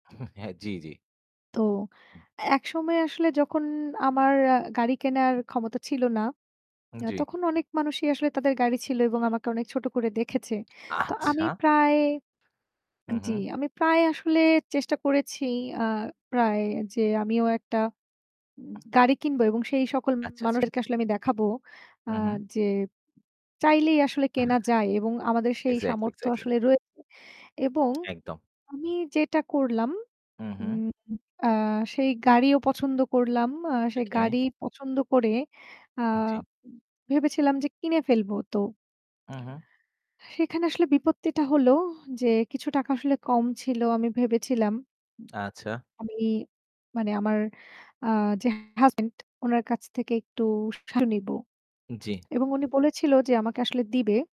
হু, হ্যাঁ। জি, জি। তো একসময় আসলে যখন আমার আ গাড়ি কেনার ক্ষমতা ছিল না, হুম, অ্যা জি। তখন অনেক মানুষই আসলে তাদের গাড়ি ছিল এবং আমাকে অনেক ছোট করে দেখেছে। তো আচ্ছা। আমি প্রায় হু, হু। জি, আমি প্রায় আসলে চেষ্টা করেছি আ প্রায় যে আমিও একটা উ গাড়ি কিনবো এবং সেই সকল আচ্ছা, আচ্ছা। মানুষদেরকে আসলে আমি দেখাবো আ উহু। যে চাইলেই আসলে কেনা যায় এবং আমাদের সেই Exactly, সামর্থ্য exactly. আসলে রয়েছে এবং একদম। আমি যেটা করলাম হু, হু। উম আ সেই গাড়িও পছন্দ করলাম। আ সেই গাড়ি ওকে। পছন্দ করে আ উ জি। উ ভেবেছিলাম যে কিনে ফেলবো। তো হু, হু। সেখানে আসলে বিপত্তিটা হলো যে কিছু টাকা আসলে কম ছিল। আমি ভেবেছিলাম আচ্ছা। আমি মানে আমার আ যে হাজব্যান্ড উনার কাছ থেকে একটু সাহায্য নিবো। জি। এবং উনি বলেছিল যে আমাকে আসলে দিবে।